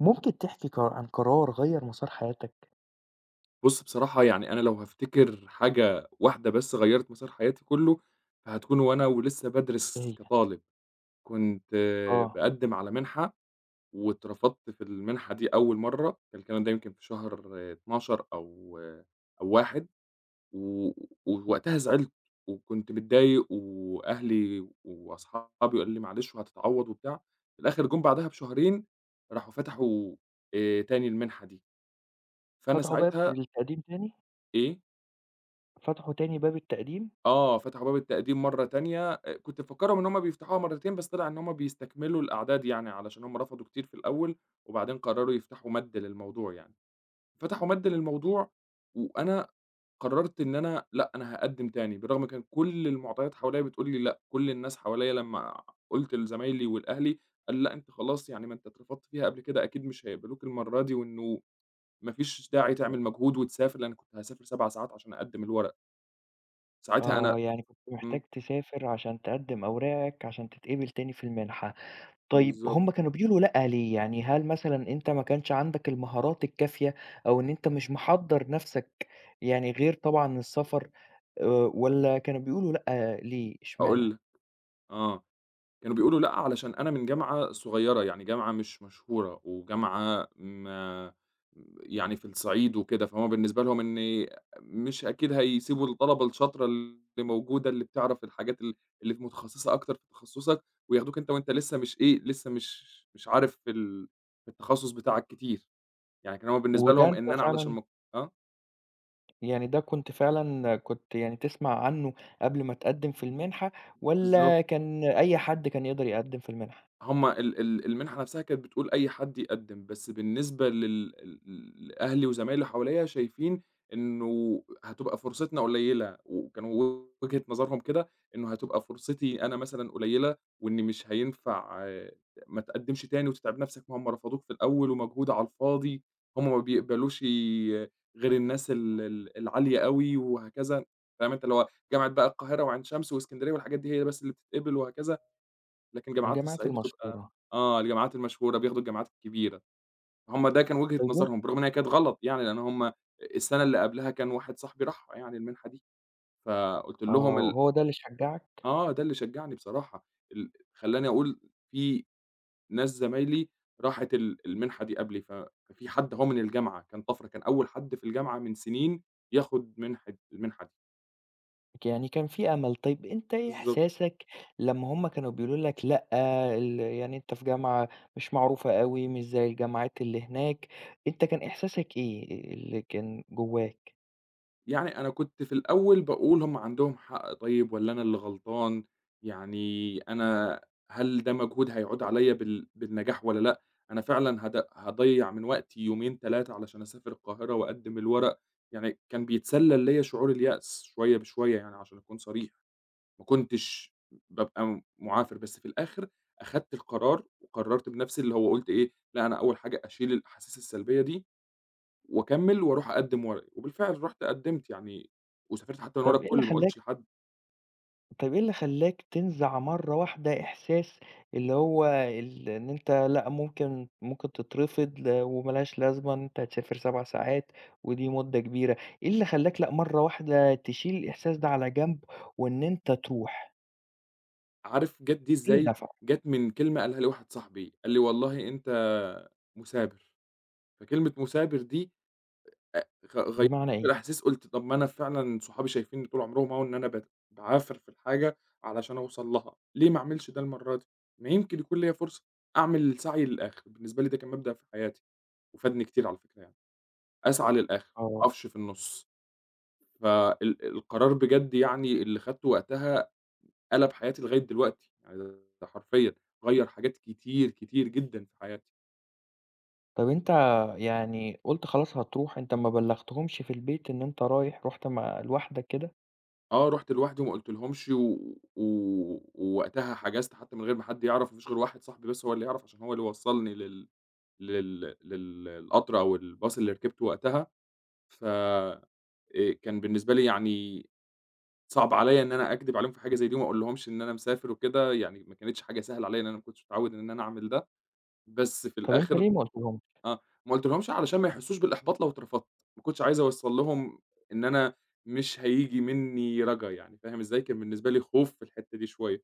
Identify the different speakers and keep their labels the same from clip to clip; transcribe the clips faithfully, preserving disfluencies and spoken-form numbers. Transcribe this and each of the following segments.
Speaker 1: ممكن تحكي قر عن قرار غيّر مسار حياتك؟
Speaker 2: بُصّ، بصراحة يعني أنا لو هافتكر حاجة واحدة بس غيّرِت مسار حياتي كلّه، فهتكُون وأنا ولسه
Speaker 1: إيه
Speaker 2: بادرِس
Speaker 1: هي؟
Speaker 2: كطالب، كنت
Speaker 1: آه.
Speaker 2: باقدّم على مِنحة واترفضت في المنحة دي أول مرّة، الكلام ده يمكن في شهر اتناشر أو، أو واحد و ووقتها زعِلت وكنت متضايق وأهلي وأصحابي قالوا لي: "معلش وهتتعوّض." وبتاع، في الآخِر جُم بعدها بشهرين راحوا فتَحوا آآ تاني المنحة دي فأنا
Speaker 1: فتَحوا باب
Speaker 2: ساعتها
Speaker 1: للتقديم تاني؟
Speaker 2: إيه؟
Speaker 1: فتَحوا تاني باب التقديم؟
Speaker 2: آه، فتَحوا باب التقديم مرّة تانية آآ، كنت مفكّرهم إن هُم بيفتَحوها مرّتين بس طلِع إن هُم بيستكملوا الأعداد يعني، علشان هُم رفضوا كتير في الأول وبعدين قرّروا يفتَحوا مدّ للموضوع يعني، فتحوا مدّ للموضوع وأنا قرّرت إن أنا لأ، أنا هاقدّم تاني بالرغم كان كل المُعطيات حواليّا بتقول لي لأ، كل الناس حواليّا لمّا قُلت لزمايلي ولأهلي قال: "لأ، أنت خلاص، يعني ما أنت اترفضت فيها قبل كده أكيد مش هيقبَلوك المرّة دي وإنه ما فيش داعي تعمل مجهود وتسافر." لإنّي كنت هاسافر سَبَع ساعات عشان أقدّم الورق. ساعتها أنا
Speaker 1: آه، يعني كنت محتاج
Speaker 2: إمم.
Speaker 1: تسافر عشان تقدم أوراقك، عشان تتقبل تاني في المنحة، طيب
Speaker 2: بالضبط.
Speaker 1: هُم كانوا بيقولوا لأ ليه؟ يعني هل مثلًا أنت ما كانش عندك المهارات الكافية، أو إن أنت مش محضّر نفسك يعني غير طبعًا السفر آآ، والَّا كانوا بيقولوا لأ ليه،
Speaker 2: هاقول
Speaker 1: إشمعنى؟
Speaker 2: لك آه كانوا بيقولوا لأ علشان أنا من جامعة صغيرة، يعني جامعة مش مشهورة، وجامعة م يعني في الصعيد وكده، فهُم بالنسبة لهم إني مش أكيد هيسيبوا الطلبة الشاطرة اللي موجودة اللي بتعرف الحاجات ال اللي في متخصّصة أكتر في تخصّصك، وياخدوك أنت وأنت لسه مش إيه لسه مش مش عارف في ال في التخصص بتاعك كتير، يعني كان هو بالنسبة
Speaker 1: وده
Speaker 2: لهم
Speaker 1: أنت
Speaker 2: إن أنا علشان
Speaker 1: فعلًا
Speaker 2: م آه.
Speaker 1: يعني ده كنت فعلًا كنت يعني تسمع عنه قبل ما تقدِّم في المنحة
Speaker 2: بالضبط.
Speaker 1: والَّا كان أي حد كان يقدر يقدِّم في المنحة؟
Speaker 2: هُم ال ال المنحة نفسها كانت بتقول أي حد يقدِّم، بس بالنسبة لل ل ل لأهلي وزمايلي حواليّا شايفين إنه هتبقى فرصتنا قليّلة، وكانوا وجهة نظرهم كده، إنه هتبقى فرصتي أنا مثلًا قليّلة وإني مش هينفع ما تقدِّمش تاني وتتعب نفسك ما هُم رفضوك في الأول ومجهود على الفاضي، هُم ما بيقبلوشِ غير الناس ال ال العالية أوي وهكذا، فاهم أنت اللي هو جامعة بقى القاهرة وعين شمس واسكندرية والحاجات دي هي بس اللي بتتقبل وهكذا. لكن جامعات
Speaker 1: الجامعات
Speaker 2: الصعيد بتبقى
Speaker 1: المشهورة.
Speaker 2: آه الجامعات المشهورة بياخدوا الجامعات الكبيرة، هُم ده كان وجهة
Speaker 1: [unintelligible]
Speaker 2: نظرهم برغم أن هي كانت غلط يعني، لأن هُم السنة اللي قبلها كان واحد صاحبي راحها يعني المنحة دي، فقُلت لهم
Speaker 1: آه،
Speaker 2: ال
Speaker 1: هو ده اللي شجّعك؟
Speaker 2: آه، ده اللي شجّعني بصراحة ال خلّاني أقول في ناس زمايلي راحت ال المنحة دي قبلي، ف في حد أهو من الجامعة كان طَفرة، كان أول حد في الجامعة من سنين ياخد منحة المنحة دي.
Speaker 1: ك يعني كان في أمل. طيب أنت إيه
Speaker 2: بالضبط.
Speaker 1: إحساسك لمّا هُم كانوا بيقولوا لك "لأ ال يعني أنت في جامعة مش معروفة أوي مش زَي الجماعات اللي هناك." أنت كان إحساسك إيه اللي كان جواك؟
Speaker 2: يعني أنا كنت في الأول باقول: "هُم عندهم حق طيب والّا أنا اللي غلطان؟ يعني أنا هل ده مجهود هيعُود عليَّ بال بالنجاح والّا لأ؟ أنا فعلًا هاض هاضيّع من وقتي يومين تلاتة علشان أسافر القاهرة وأقدِّم الورق؟" يعني كان بيتسلّل ليا شعور اليأس شوية بشوية يعني عشان أكون صريح، ما كنتش بابقى م معافر، بس في الآخِر أخدت القرار، وقرّرت بنَفْسي، اللي هو قُلت إيه: "لا أنا أول حاجة أشِيل الأحاسيس السلبية دي، وأكمّل، وأرُوح أقدِّم ورقى." وبالفعل رُحت قدّمت يعني وسافرت حتى من ورا
Speaker 1: طَب إيه اللي
Speaker 2: الكل، ما
Speaker 1: خلّاك
Speaker 2: قُلتش لحد.
Speaker 1: طَب إيه اللي خلّاك تنزَع مرّة واحدة إحساس اللي هو ال إن أنت لا ممكن ممكن تترفض وما لهاش لازمة إن أنت تسافر سَبَع ساعات ودي مُدّة كبيرة. إيه اللي خلّاك لأ مرّة واحدة تشيل الإحساس ده على جنب وإن أنت ترُوح؟
Speaker 2: عارف جَت دي إزاي؟
Speaker 1: [unintelligible]
Speaker 2: جت من كلمة قالها لي واحد صاحبي، قال لي: "والله أنت مُثابر." فكلمة مُثابر دي آآ، آآ غ غي
Speaker 1: بمعنى
Speaker 2: [unintelligible]
Speaker 1: ايه؟
Speaker 2: الأحاسيس قُلت "طَب ما أنا فعلًا صحابي شايفينّي طُول عُمرهم أهو إن أنا بت باعافر في الحاجة علشان أوصَل لها، ليه ما أعملش ده المرّة دي؟ ما يمكن يكون ليَّ فرصة أعمل السّعي للآخِر." بالنسبة لي ده كان مبدأ في حياتي وفادني كتير على الفكرة يعني، أسعى للآخِر ما
Speaker 1: آه.
Speaker 2: أقَفش في النُّص ف ال القرار بجد يعني اللي خدته وقتها قلَب حياتي لغاية دلوقتي [unintelligible] ده حرفيًا غيّر حاجات كتير، كتير جدًا في حياتي.
Speaker 1: طَب أنت يعني قُلت خلاص هترُوح أنت ما بلّغتهمش في البيت إن أنت رايح، رُحت مع لوحدك كده؟
Speaker 2: آه، رُحت لوحدي وما قُلتلهمش و و ووقتها حجَزت حتى من غير ما حد يعرَف، ما فيش غير واحد صاحبي بس هو اللي يعرَف عشان هو اللي وصّلني لل لل للقطر أو الباص اللي ركِبته وقتها ف آآ كان بالنسبة لي يعني صعب عليّا إن أنا أكدِب عليهم في حاجة زَي دي وما أقولش ليهم إن أنا مسافر وكده يعني، ما كانتش حاجة سهلة عليّا لإن أنا ما كنتش متعوّد إن أنا أعمل ده بس في
Speaker 1: طَب أنت
Speaker 2: الآخِر،
Speaker 1: ليه ما قُلتلهمش؟
Speaker 2: آه، ما قُلتش ليهم علشان ما يحسّوش بالإحباط لو اترفضت، ما كنتش عايز أوصّل لهم إن أنا مش هييجي منّي رجا يعني، فاهم إزاي؟ كان بالنسبة لي خوف في الحِتّة دي شوية،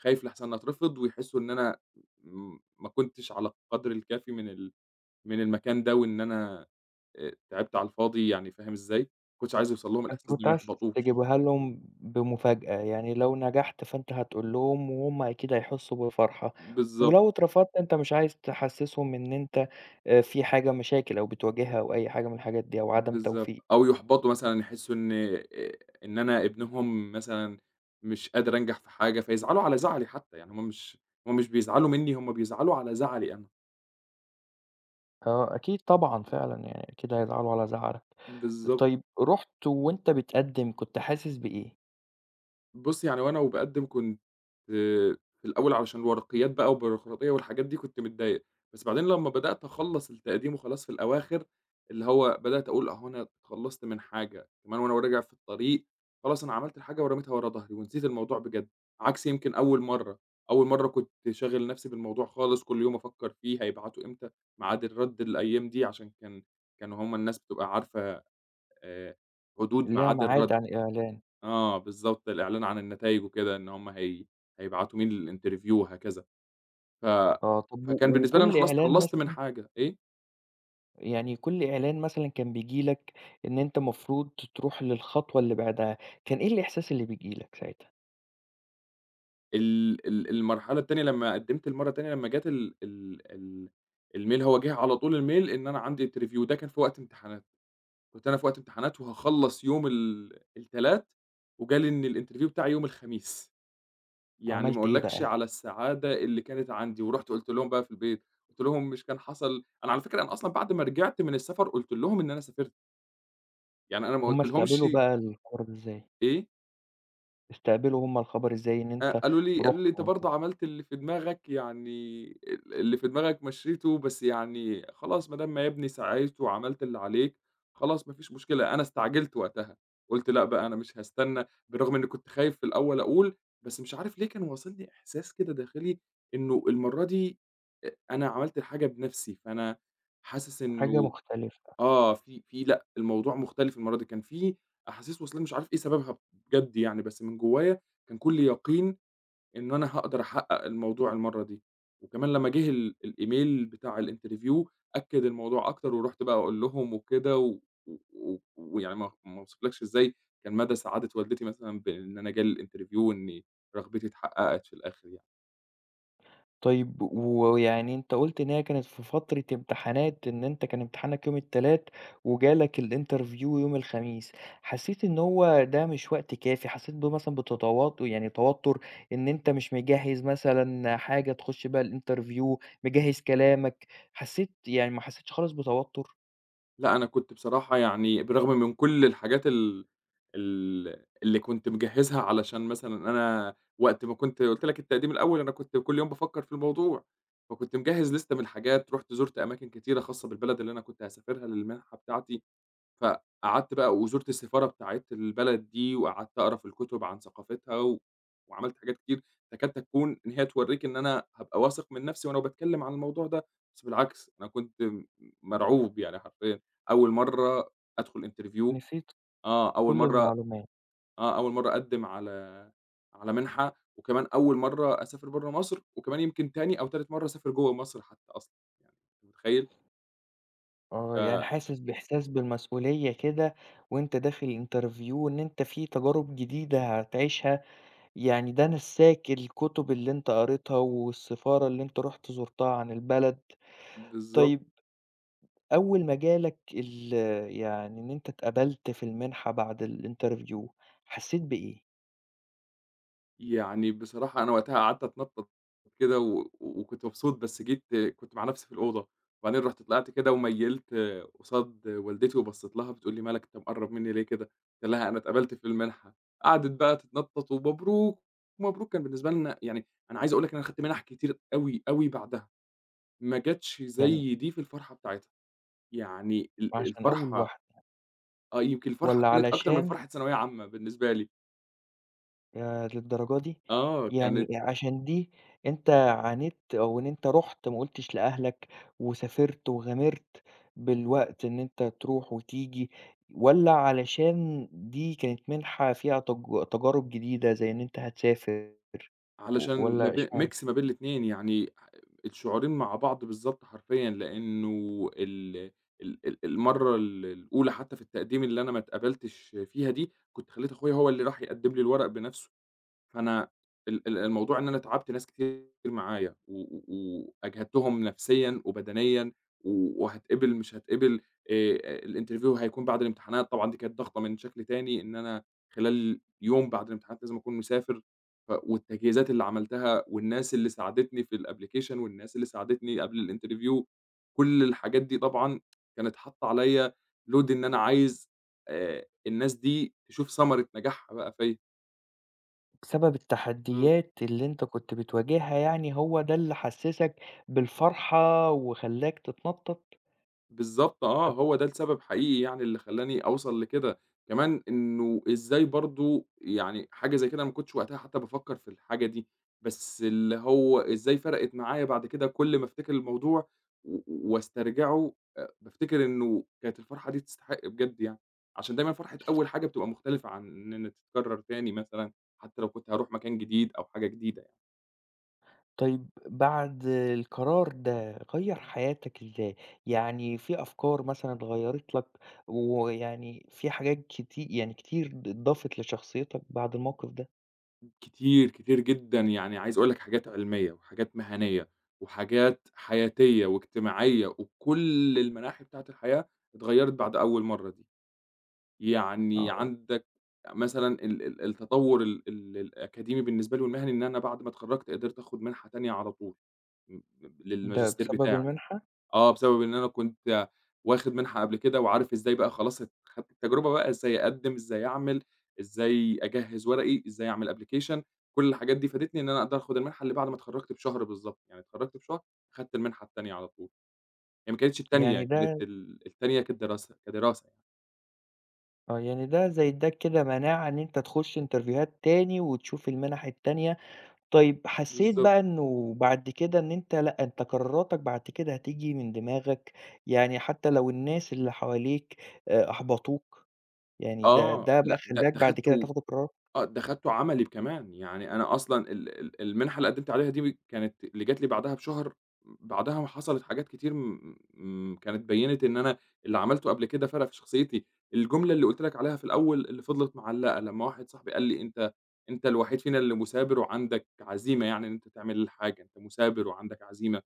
Speaker 2: خايف لأحسَن أترفض ويحسّوا إن أنا م ما كنتش على القدْر الكافي من ال من المكان ده وإن أنا آآ تعِبت على الفاضي يعني، فاهم إزاي؟ ما كنتش عايز يوصَل لهم
Speaker 1: فأنت
Speaker 2: الإحساس
Speaker 1: كنت
Speaker 2: ما
Speaker 1: عايز
Speaker 2: يحبِطوش.
Speaker 1: تجيبها لهم بمفاجأة، يعني لو نجَحت فأنت هتقول لهم وهُم أكيد هيحسّوا بالفرحة
Speaker 2: بالظبط.
Speaker 1: ولو اترفضت أنت مش عايز تحسّسهم إن أنت آآ في حاجة مشاكل أو بتواجهها أو أي حاجة من الحاجات دي أو عدم توفيق.
Speaker 2: بالضبط، أو يُحبَطوا مثلًا، يحسّوا إن آآ، إن أنا ابنهم مثلًا مش قادر أنجَح في حاجة فيزعَلوا على زعَلي حتى يعني هُم مش، هُم مش بيزعَلوا منّي، هُم بيزعَلوا على زعَلي أنا.
Speaker 1: آه، أكيد طبعًا
Speaker 2: إمم.
Speaker 1: فعلًا يعني أكيد هيزعلوا على زعلك،
Speaker 2: بالضبط.
Speaker 1: طيب رُحت وأنت بتقدم كنت حاسس بإيه؟
Speaker 2: بُصّ، يعني هو أنا وباقدم كنت في الأول علشان الورقيات بقى والبيروقراطية والحاجات دي، كنت متضايق بس بعدين لمّا بدأت أخلّص التقديم وخلاص في الأواخر اللي هو بدأت أقول أهو أنا تخلصت من حاجة، كمان وأنا راجع في الطريق خلاص أنا عملت الحاجة ورميتها ورا ضهري ونسيت الموضوع بجد، عكس يمكن أول مرة أول مرة كنت شاغل نفسي بالموضوع خالص كل يوم أفكر فيه هيبعتوا إمتى، ميعاد الرد الأيام دي عشان كان كانوا هُم الناس بتبقى عارفة آآ حدود
Speaker 1: ليها
Speaker 2: ميعاد الرد.
Speaker 1: ميعاد عن الإعلان.
Speaker 2: آه بالضبط الإعلان عن النتايج وكده إن هُم هي هيبعتوا مين الinterview وهكذا. ف
Speaker 1: آه، طَب و
Speaker 2: فكان بالنسبة لي أنا
Speaker 1: وكل
Speaker 2: خلصت
Speaker 1: إعلان
Speaker 2: خلصت من
Speaker 1: مثلًا
Speaker 2: حاجة، إيه؟
Speaker 1: يعني كل إعلان مثلًا كان بييجي لك إن أنت مفروض تروح للخطوة اللي بعدها، كان إيه الإحساس اللي بييجي لك ساعتها؟
Speaker 2: ال ال المرحلة التانية لمّا قدمت المرة التانية لمّا جات ال ال ال الmail هو جيه على طول الmail، إن أنا عندي interview ده كان في وقت امتحانات، كنت أنا في وقت امتحانات وهاخلص يوم ال التلات، وجالي إن الinterview بتاعي يوم الخميس. يعني ما
Speaker 1: عَمَلت إيه
Speaker 2: أقولكش
Speaker 1: بقى؟
Speaker 2: على السعادة اللي كانت عندي ورُحت قُلت لهم بقى في البيت، قُلت لهم مش كان حصل أنا على فكرة أنا أصلًا بعد ما رجعت من السفر قُلت لهم إن أنا سافرت. يعني أنا ما
Speaker 1: هُم
Speaker 2: قُلت
Speaker 1: استقبلوا
Speaker 2: لهُمشِ.
Speaker 1: بقى الخبر إزاي؟
Speaker 2: إيه؟
Speaker 1: استقبلوا هُم الخبر إزاي إن
Speaker 2: آآ،
Speaker 1: أنت
Speaker 2: قالوا لي قالوا
Speaker 1: رُحت
Speaker 2: لي أنت برضو
Speaker 1: [unintelligible]
Speaker 2: عملت اللي في دماغك يعني ال اللي في دماغك مشيته بس يعني خلاص ما دام ما يا بني سَعيت وعملت اللي عليك، خلاص ما فيش مشكلة أنا استعجلت وقتها، قُلت لأ بقى أنا مش هاستنى بالرغم إني كنت خايف في الأول أقول بس مش عارف ليه كان واصلني إحساس كده داخلي، إنه المرة دي أنا عملت حاجة بنفسي، فأنا حاسس
Speaker 1: حاجة
Speaker 2: إنه
Speaker 1: مختلفة.
Speaker 2: آه في في لأ الموضوع مختلف المرّة دي كان في أحاسيس وصلاني مش عارف إيه سببها بجد يعني، بس من جوايا كان كُلّي يقين إنه أنا هاقدر أحقق الموضوع المرّة دي، وكمان لمّا جه ال الEmail بتاع الinterview أكد الموضوع أكتر، ورُحت بقى أقول لهم وكده و و ويعني ما ما وصفلكش إزاي كان مدى سعادة والدتي مثلًا بإن أنا جالي الinterview و وإن رغبتي اتحققت في الآخر يعني.
Speaker 1: طيب و ويعني أنت قُلت إن هي كانت في فترة امتحانات إن أنت كان امتحانك يوم التلات وجالك الinterview يوم الخميس، حسّيت إن هو ده مش وقت كافي حسّيت ب مثلًا بتتو يعني توتر إن أنت مش مجهّز مثلًا حاجة تخش بها الinterview، مجهّز كلامك حسّيت يعني ما حسّيتش خالص بتوتر؟
Speaker 2: لأ، أنا كُنت بصراحة يعني بالرغم من كل الحاجات ال ال اللي كُنت مجهزها علشان مثلًا أنا، وقت ما كُنت قُلت لك التقديم الأول أنا كُنت كل يوم بافكّر في الموضوع، فكُنت مجهّز لسته من الحاجات رُحت زُرت أماكن كتيرة خاصة بالبلد اللي أنا كُنت هاسافرها للمنحة بتاعتي، فقعدت بقى وزُرت السفارة بتاعة البلد دي وقعدت أقرا في الكتب عن ثقافتها و، وعملت حاجات كتير، فكاد تكون إن هي توريك إن أنا هابقى واثق من نَفْسي وأنا باتكلّم عن الموضوع ده، بس بالعكس أنا كُنت م مرعوب يعني حرفيًا، أول مرّه أدخل interview،
Speaker 1: نسيت
Speaker 2: آه أول
Speaker 1: كل
Speaker 2: مرّه
Speaker 1: المعلوما
Speaker 2: آه أول مرّه أقدّم على، على منحة، وكمان أول مرّه أسافر برّه مصر وكمان يمكن تاني أو تالت مرّه أسافر جوّه مصر حتى أصلًا، يع أنت متخيّل؟
Speaker 1: آه، يعني
Speaker 2: ف
Speaker 1: حاسس بإحساس بالمسؤولية كده، وأنت داخل interview وإن أنت في تجارب جديدة هتعيشها، يعني ده نساك الكتب اللي أنت قريتها والسفارة اللي أنت رُحت زُرتها عن البلد،
Speaker 2: بالضب
Speaker 1: طيّب، أول ما جا لك ال يعني إن أنت اتقبلت في المنحة بعد الinterview، حسيت بإيه؟
Speaker 2: يعني، بصراحة أنا وقتها قعدت أتنطط، كده و وكُنت مبسوط بس جيت كُنت مع نَفْسي في الأوضة، وبعدين رُحت طلعت كده وميلت قصاد والدتي وبصيت لها، بتقول لي: "ما لك أنت مقرّب مني ليه كده،" قُلت لها: "أنا اتقَبلت في المنحة،" قعدت بقى تتنطط "ومبروك، مبروك" كان بالنسبة لنا يعني، أنا عايز أقول لك أنا أخدت منح كتير أوي، أوي بعدها، ما جاتش
Speaker 1: يعني.
Speaker 2: زي دي في الفرحة بتاعتها، يعني ال
Speaker 1: وعشان أول
Speaker 2: الفرحة.
Speaker 1: واحدة.
Speaker 2: آه يمكن الفرحة
Speaker 1: والّا
Speaker 2: كانت أكتر من
Speaker 1: علشان
Speaker 2: فرحة ثانوية عامة بالنسبة لي.
Speaker 1: ياه للدرجة دي!
Speaker 2: آه،
Speaker 1: يعني
Speaker 2: كانت
Speaker 1: عشان دي، أنت عانيت أو إن أنت رُحت ما قُلتش لأهلك، وسافرت وغامرت، بالوقت إن أنت تروح وتيجي، والّا علشان دي كانت منحة فيها تج تجارب جديدة زي إن أنت هتسافر، و
Speaker 2: علشان م
Speaker 1: والّا
Speaker 2: ب
Speaker 1: إشمعنا؟
Speaker 2: mix ما بين الاتنين يعني، الشعورين مع بعض بالضبط حرفيًا، لأنه ال ال ال المرّة ال الأولى حتى في التقديم اللي أنا ما اتقَبلتش فيها دي، كُنت خليت أخويا هو اللي راح يقدّم لي الورق بنَفْسه، فأنا ال ال الموضوع إن أنا تعبت ناس كتير معايا و و وأجهدتهم نَفْسيًا وبدنيًا، و وهاتقبل مش هاتقبل، آآ الinterview هيكون بعد الامتحانات طبعًا دي كانت ضغطة من شكل تاني إن أنا، خلال يوم بعد الامتحانات لازم أكون مسافر، ف والتجهيزات اللي عملتها والناس اللي ساعدتني في الأبلكيشن والناس اللي ساعدتني قبل الinterview، كل الحاجات دي طبعًا، كانت حاطة عليا، load إن أنا عايز، آآ الناس دي تشوف ثمرة نجاحها بقى فيّا.
Speaker 1: سبب
Speaker 2: إمم.
Speaker 1: التحديّات اللي أنت كنت بتواجهها، يعني هو ده اللي حسّسك بالفرحة وخلّاك تتنطّط؟
Speaker 2: بالضبط آه،
Speaker 1: طَب
Speaker 2: هو ده السبب حقيقي يعني اللي خلّاني أوصل لكده كمان إنه إزاي برضه يعني حاجة زي كده ما كنتش وقتها حتى بافكّر في الحاجة دي، بس اللي هو إزاي فرقت معايا بعد كده كل ما أفتكر الموضوع و وأسترجعه، آآ بافتكر إنه كانت الفرحة دي تستحق بجد يعني، عشان دايمًا فرحة أول حاجة بتبقى مختلفة عن إن إن تتكرّر تاني مثلًا حتى لو كنت هاروح مكان جديد أو حاجة جديدة يعني.
Speaker 1: طيب، بعد القرار ده غيّر
Speaker 2: إمم.
Speaker 1: حياتك إزاي، يعني في أفكار مثلًا غيّرت لك ويعني في حاجات كتي يعني كتير ض ضافت لشخصيّتك بعد الموقِف ده؟
Speaker 2: كتير كتير جدًا يعني عايز أقول لك حاجات علمية وحاجات مهنية وحاجات حياتية وإجتماعية وكل المناحي بتاعة الحياة، اتغيّرت بعد أول مَرّة دي، يعني
Speaker 1: آه، و
Speaker 2: عندك آآ مثلًا ال ال التطوّر ال ال الأكاديمي بالنسبة لي والمهني إن أنا بعد ما اتخرجت قدرت آخُد منحة تانية على طول، م ب
Speaker 1: ده
Speaker 2: للماجستير
Speaker 1: بسبب
Speaker 2: بتاعي
Speaker 1: المنحة؟
Speaker 2: آه، بسبب إن أنا كنت واخد منحة قبل كده وعارف إزاي بقى خلاص ت خدت التجربة بقى إزاي أقدّم، إزاي أعمل، إزاي أجهّز ورقي، إزاي أعمل application كل الحاجات دي فادتني، إن أنا أقدر آخُد المنحة اللي بعد ما اتخرّجت بشهر بالضبط، يعني اتخرّجت بشهر خدت المنحة التانية على طول، هي ما كانتش التانية
Speaker 1: يعني
Speaker 2: كانت
Speaker 1: ده
Speaker 2: ال التانية كدراسة، كدراسة.
Speaker 1: آه يعني ده زي إدّاك كده مناعة إن أنت تخش إنترفيوهات تاني وتشوف المنح التانية، طيب حسيت
Speaker 2: بالضبط.
Speaker 1: بقى إنه بعد كده إن أنت لأ أنت قراراتك بعد كده هتييجي من دماغك، يعني حتى لو الناس اللي حواليك أحبطوك يعني ده
Speaker 2: آه،
Speaker 1: ده بقى
Speaker 2: لأ، لأ
Speaker 1: خلاك
Speaker 2: ده
Speaker 1: بعد كده
Speaker 2: اخدته
Speaker 1: تاخد القرار؟
Speaker 2: آه ده اخدته عملي كمان، يعني أنا أصلًا ال ال المنحة اللي قدمت عليها دي كانت اللي جات لي بعدها بشهر، بعدها حصلت حاجات كتير م كانت بينت إن أنا اللي عملته قبل كده فرق في شخصيتي، الجملة اللي قُلت لك عليها في الأول اللي فضلت معلقة، لمّا واحد صاحبي قال لي: "أنت أنت الوحيد فينا اللي مثابر وعندك عزيمة يعني إن أنت تعمل الحاجة أنت مثابر وعندك عزيمة"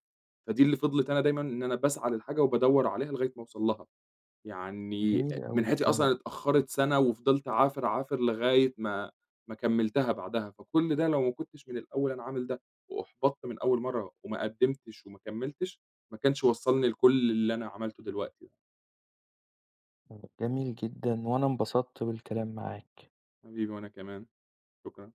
Speaker 2: فدي اللي فضلت أنا دايمًاً إن أنا باسعى للحاجة وبادوّر عليها لغاية ما أوصل لها. يعني
Speaker 1: جميلة
Speaker 2: من
Speaker 1: أوي
Speaker 2: ناحيتي
Speaker 1: الكلمة
Speaker 2: أصلًا
Speaker 1: دي.
Speaker 2: اتأخرت سنة وفضلت أعافر، أعافر لغاية ما ما كملتها بعدها، فكل ده لو ما كنتش من الأول أنا عامل ده واحبطت من أول مرة وما قدمتش وما كملتش، ما كانش وصلني لكل اللي أنا عملته دلوقتي ده.
Speaker 1: جميل جدًا وأنا انبسطت بالكلام معاك.
Speaker 2: حبيبي وأنا كمان، شكرًا.